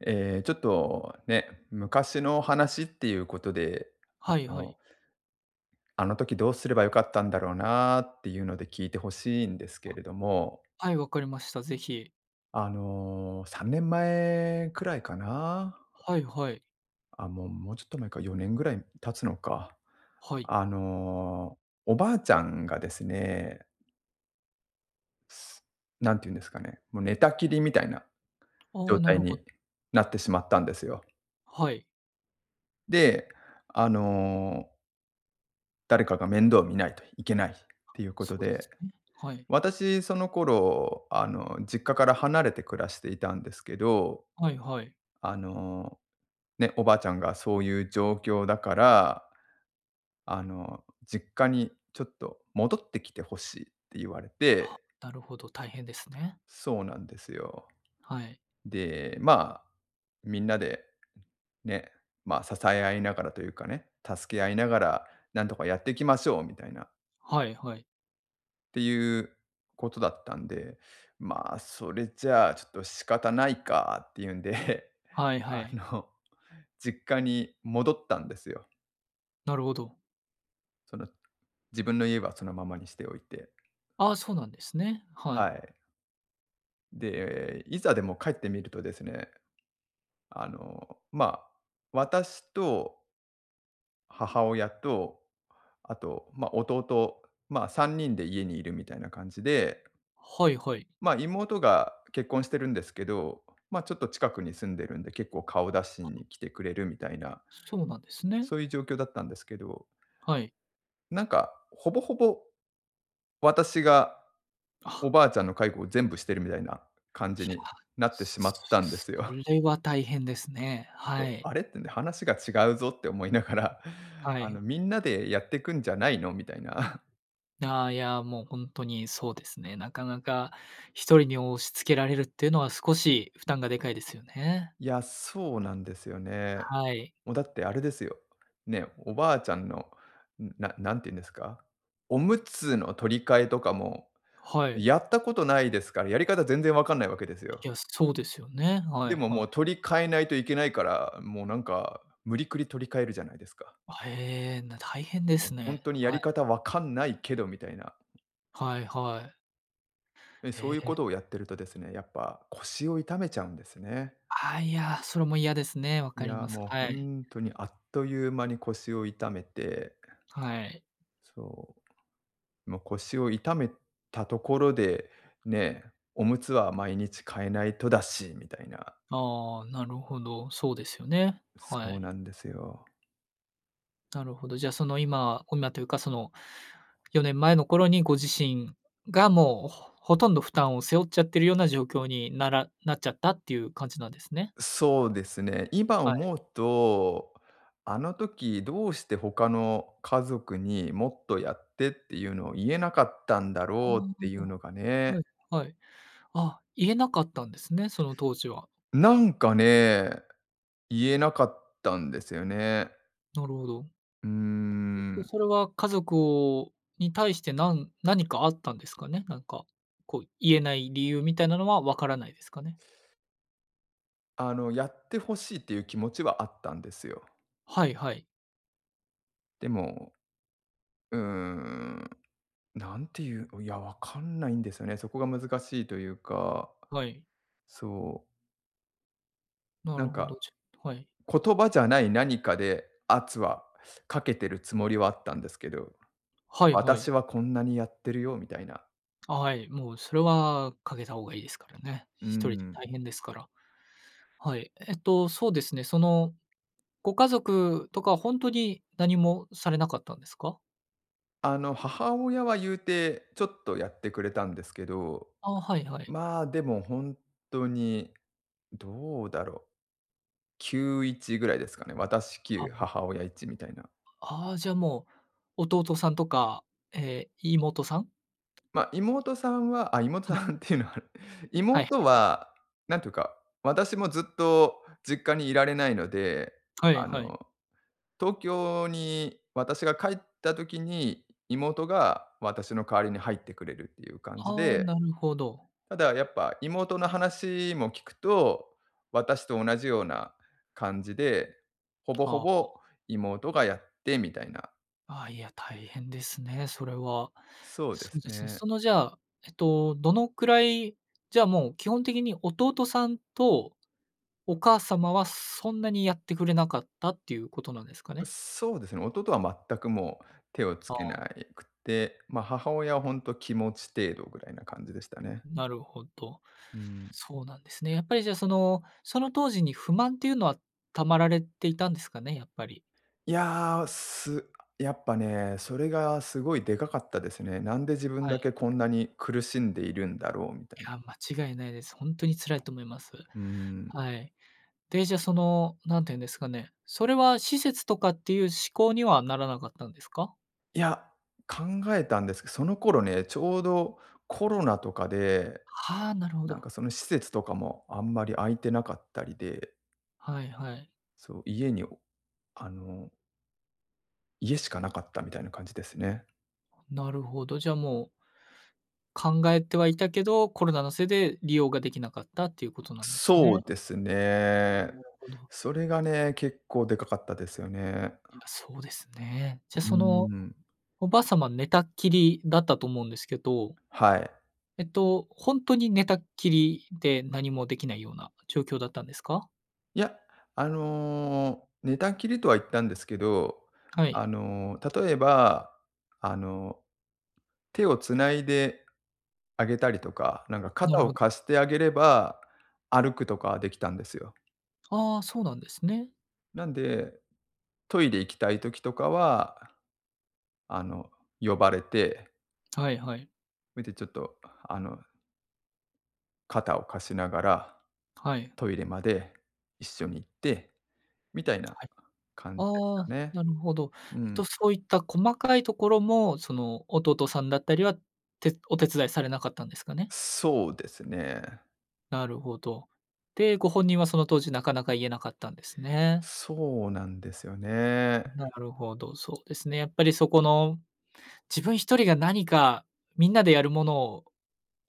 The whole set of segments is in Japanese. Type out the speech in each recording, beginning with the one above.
ええ、ちょっとね、昔の話っていうことで、あはいはの、い。あの時どうすれば良かったんだろうなっていうので聞いて欲しいんですけ [unintelligible] れども。はい、わかりました。ぜひ。あの、3年前くらいかな。はいはい。あ、もうもうちょっと前か、4年ぐらい経つのか、はい。あの、おばあちゃんがですね何て言うんですかね、もう寝たきりみたいなあ状あ、な態るほ…になってしまったんですよ。はい。で、あの誰かが面倒を見ないといけないっていうこそとうでで、すね。はい。私その頃あの実家から離れて暮らしていたんですけど、はいはい。あの、ね、おばあちゃんがそういう状況だから、あの「実家にちょっと戻ってきて欲しい」って言われあ、て。なるほど、大変ですね。そうなんですよ。はい。で、ま、みんなでね、ま、支え合いながらというかね、助け合いながら何とかやっていきましょうみたいな。はいはい。っていうことだったんで、まあそれじゃあちょっと仕方ないかっていうんで、はい はあい。の実家に戻ったんですよ。なるほど。その、自分の家はそのままにしておいて。ああ、そうなんですね。ははい。い。で、いざでも帰ってみるとですね、あの、ま、私と母親と、あと、ま、弟、ま、3人で家にいるみたいな感じではいはい。ま、妹が結婚してるんですけど、ま、ちょっと近くに住んでるんで結構顔出しに来てくれるみたいな、そうなんですね。そういう状況だったんですけどはい。なんかほぼほぼ、私が、おあ。ばあちゃんの介護を全部してるみたいな感いじや、になってすしまったんですすそよ。れは大変ですね。そはう、い。あれ？ってね、話が違うぞって思いながら、はあのい。みんなでやってくんじゃないの？みたいな。いあ、いや、もうほんとにそうですね。なかなか、1人に押し付けられるっていうのは少し負担がでかいですよね。いや、そうなんですよね。はい。もう、だってあれですよ。ね、おばあちゃんの、な何て言うんですか、おむつの取り替えとかも、はい。やったことないですからやり方全然わかんないわけですよ。いや、そうですよね、はでいももはい。う取り替えないといけないから、もうなんか無理くり取り替えるじゃないですか。あ、へえ、な大変でもうす本ね。当にやはりい。方分かんないけどみたいな。はいはい。え、そうへいうえ。ことをやってるとですね、やっぱ腰を痛めちゃうんですね。あ、いや、それも嫌ですね、わいかりや、ます、もうはほい。んとにあっという間に腰を痛めて。はい。そう。もう腰を痛めたところで、ね、おむつは毎日替えないとだしみたいな。ああ、なるほど、そうですよね、はそうい。なんですよ。なるほど。じゃ、その今、こんなというか、その4年前の頃にご自身がもうほとんど負担を背負っちゃってるような状況にならなっちゃったっていう感じなんですね。そうですね。今はい。思うと、あの時どうして他の家族に「もっとやって」っていうのを言えなかったんだお。ろうっていうのがね。はいはい。あ、言えなかったんですね、その当時は。なんかね、言えなかったんですよね。なるほど。うーえっとん。それは家族をに対してなんなにかあったんですかね、なんか、こう言えない理由みたいなのはわからないですかね？あの、やって欲しいっていう気持ちはあったんですよ。はいはい。でも、うーん。なんていう、いやわかんないんですよね。そこが難しいというか、はい。そう。ななるんほか、ど、ちょっと、はい。言葉じゃない何かで圧はかけてるつもりはあったんですけど、はいはい。私はこんなにやってるよみたいな。あ、はい、もうそれはかけた方がいいですからね。う1人でん。大変ですから。はい、えっとそうですね、その、ご家族とか本当に何もされなかったんですか？あの母親は言うてちょっとやってくれたんですけど、あ、はいはい。まあでも、ほんとにどうだろう。9、1ぐらいですかね。私、きゅあ、うもう。母親、1みたいな。ああ、じゃもう、弟さんとか。え、妹さん？ま、妹さんは、あ、妹はさい。んっていうのはあれ。はいはい妹はい。は何というか、私もずっと実家にいられないので、はいあはい。の、東京に私が帰った時に妹が私の代わりに入ってくれるっていう感じああ、で。なるほど。ただやっぱ妹の話も聞くと、私と同じような感じで、ほぼほはあ。ぼ妹がやってみたいな。あ、いや、大変ですね、それは。そうでそすうですね。ね。そのじゃあ、えっとどのくらい、じゃあ、もう基本的に弟さんとお母様はそんなにやってくれなかったっていうことなんですかう、ね？そうですね、弟は全くもう手をつあけあ。ないくて、ま、母親は本当気持ち程度ぐらいな感じでしたね。なるほど。うん。そうなんですね。やっぱりじゃあその、その当時に不満ていうのは溜まられていたんですかね、やっぱり。いや、す、やっぱね、それがすごいでかかったですね。なんで自分はだい。けこんなに苦しんでいるんだろうみたいいに。や、間違いないです。本当に辛いと思います。うーん。はい。で、じゃその何て言うんですかね、それは施設とかっていう思考にはならなかったんですか？いや、考えたんですけ、その頃ね、ちょうどコロナとかで、はあ、なるほなんど。かその施設とかもあんまり空いてなかったりで。はいはい。そう、家におあの家しかなかったみたいな感じですね。なるほど、じゃもう考えてはいたけど、コロナのせいで利用ができなかったっていうことなんですそうね。ですああ、ね。なるほど。それがね、結構でかかったですよね。いや、そうですね。じゃうーその、ん。おばあさま寝たっきりだったと思うんですけどはい。えっと、ほんとに寝たっきりで何もできないような状況だったんですか？いや、あの、寝たきりとは言ったんですけど、はい。あの、例えばあの、手をつないであげたりとか、なんかなる肩をほど。貸してあげれば、歩くとかはできたんですよ。ああ、そうなんですね。なんで、トイレ行きたい時とかは、あの、呼ばれて。はいはい。見てちょっとあの肩を貸しながら、はい。トイレまで、一緒に行って、みたいなはい。感じですあかあ、ね。なるほど。うえっん。と、そういった細かいところも、その弟さんだったりは、てお手伝いされなかったんですかね？そうですね。なるほど。で、ご本人はその当時なかなか言えなかったんですね。そうなんですよね。なるほど、そうですね。やっぱりそこの、自分一人が何かみんなでやるものを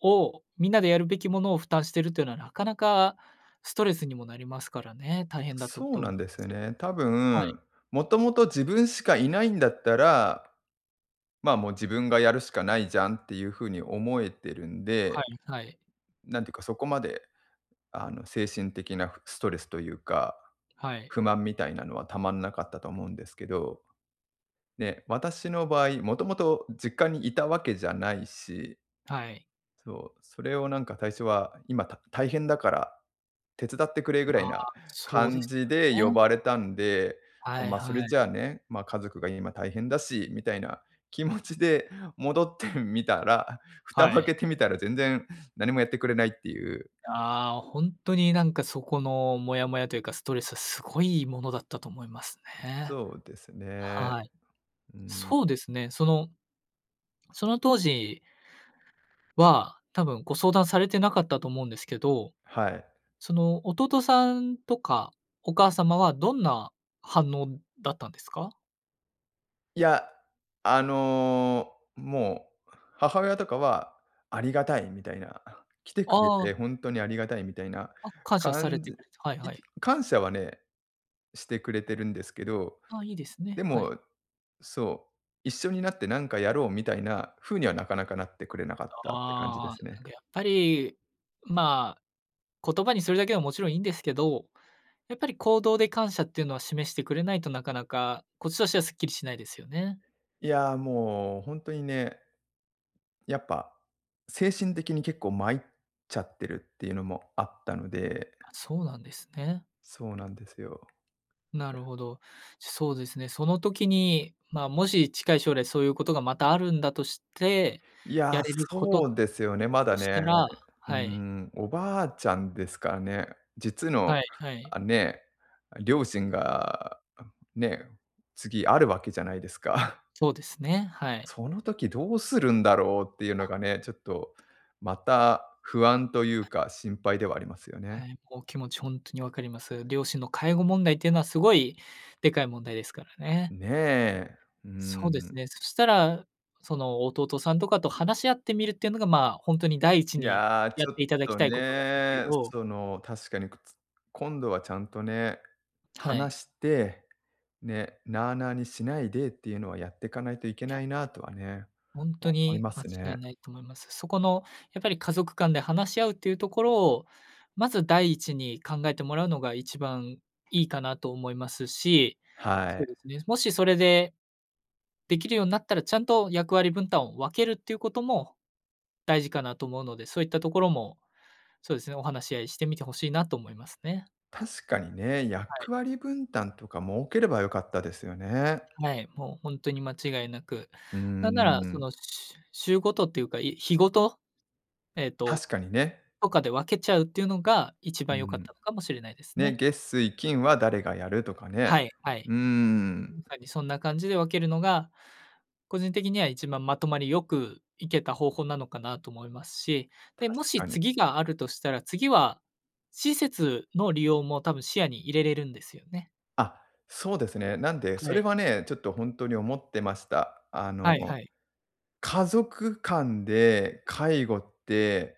をみんなでやるべきものを負担してるというのはなかなかストレスにもなりますからね、大変だったそうと思ないんまですよす。ね。多はい。分、もともと自分しかいないんだったら、ま、もう自分がやるしかないじゃんっていう風に思えてるんはでいはい。なんていうかそこまで、あの、精神的なストレスというか、はい。不満みたいなのはたまんなかったと思うんですけど、ね、私の場合、もともと実家にいたわけじゃないし。はい。そう、それをなんか最初は今、た大変だから、手伝ってくれぐらあいあ、なそうで感すじでよ呼ね。ばれたんで、はいまあ、そはれじゃい。あね、ま、家族が今大変だし、みたいな気持ちで戻ってみたら、蓋をは開い。けてみたら全然何もやってくれないっていう。ああ、ほんとになんかそこのモヤモヤというか、ストレスはすごいものだったと思いますね。そうですね。はい、うん。そうですね。その、その当時は、多分ご相談されてなかったと思うんですけど。はい。その弟さんとかお母様はどんな反応だったんですか？いや、あの、もう、母親とかはありがたいみたいな。来てくれあてあ。ほんとにありがたいみたいなあ、感謝され感てじた。はいいはい。感謝はね、してくれてるんですけど、あ、いいですね。ではい。も、そう、一緒になってなんかやろうみたいな風には、なかなかなってくれなかったって感じでああ、すなね。んかやっぱり、まあ、言葉にするだけはもちろんいいんですけど、やっぱり行動で感謝っていうのは示してくれないとなかなか、こっちとしてはスッキリしないですよね。いや、もうほんとにね、やっぱ、精神的に結構まいっちゃってるっていうのもあったので。あ、そうなんですね。そうなんですよ。ないるや。ほど、そうですね。その時に、ま、もし近い将来そういうことがまたあるんだとして、いや、やれることそうですよね、まとだしたね、らうーはい。ん、おばあちゃんですかね。実の、はいはい。あ、ね、両親がね、次あるわけじゃないですか。そうですね、はい。その時どうするんだろうっていうのあ。がね、ちょっとまた不安というはい。か、心配ではありますよね。はい、もう気持ちほんとに分かります。両親の介護問題っていうのはすごいでかい問題ですからね。ね、うーそうですん。ね。そしたら、その弟さんとかと話し合ってみるっていうのが、まあ、ほんとに第一いにや、やちっょてっいただきとたいことなんですけね、ど。その確かに、くつ今度はちゃんとね、はい。話して、ね、なあなあにしないでっていうのは、やってかないといけいや。ないなとはね、ほんと思いにま間す違ね。いないと思います。そこのやっぱり家族間で話し合うっていうところを、まず第一に考えてもらうのが一番いいかなと思いますし。はそうでい。すね、もしそれで、できるようになったら、ちゃんと役割分担を分けるっていうことも大事かなと思うので、そういったところもそうですね、お話し合いしてみて欲しいなと思いますね。確かにね、はい。役割分担とか設ければ、良かったですよね、はい、もうほんとに間違いなく。うーなんならそん。のしゅ週ごとっていうか、い日ごと、えっと、確かにね。とかで分けちゃうっていうのが一う番良かっん。たのかもしれないですね、ね。月水金は誰がやるとかね。はい、はい。うーん。やはりそんな感じで分けるのが、個人的には一番まとまりよくいけた方法なのかなと思いますし、で、も確しかに。次があるとしたら、次は施設の利用も多分視野に入れれるんですよね。あ、そうですね。なんで、そはれい。はね、ちょっとほんとに思ってました。あはいの、はい。家族間で介護って、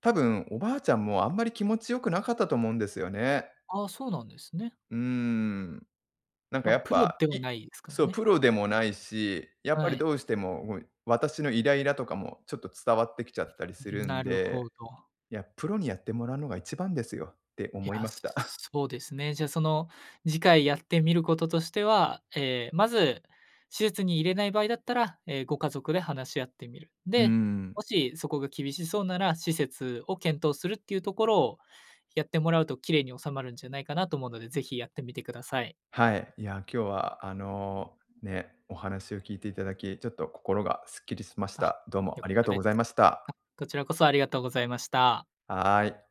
多分おばあちゃんもあんまり気持ち良くなかったと思うんですよね。ああ、そうなんですね。うーん。なんかま、やっプロぱ、ではいないですからそう、プね。ロでもないし、やっぱはりい。どうしても、もう私のイライラとかもちょっと伝わってきちゃったりすん、るんなるで、ほど。いや、プロにやってもらうのが一番ですよっていや、思いました。そうですね。じゃあその次回やってみることとしては、え、まず施設に入れない場合だったら、え、ご家族で話し合ってみる。うーで、もん。しそこが厳しそうなら施設を検討するっていうところをやってもらうと綺麗に収まるんじゃないかなと思うので、是非やってみてください。はい。いや、今日はあのね、お話を聞いていただき、ちょっと心がスッキリしましあ、た。どうもよあかっりがたとうでございす。ましあ、た。こちらこそありがとうございました。はい。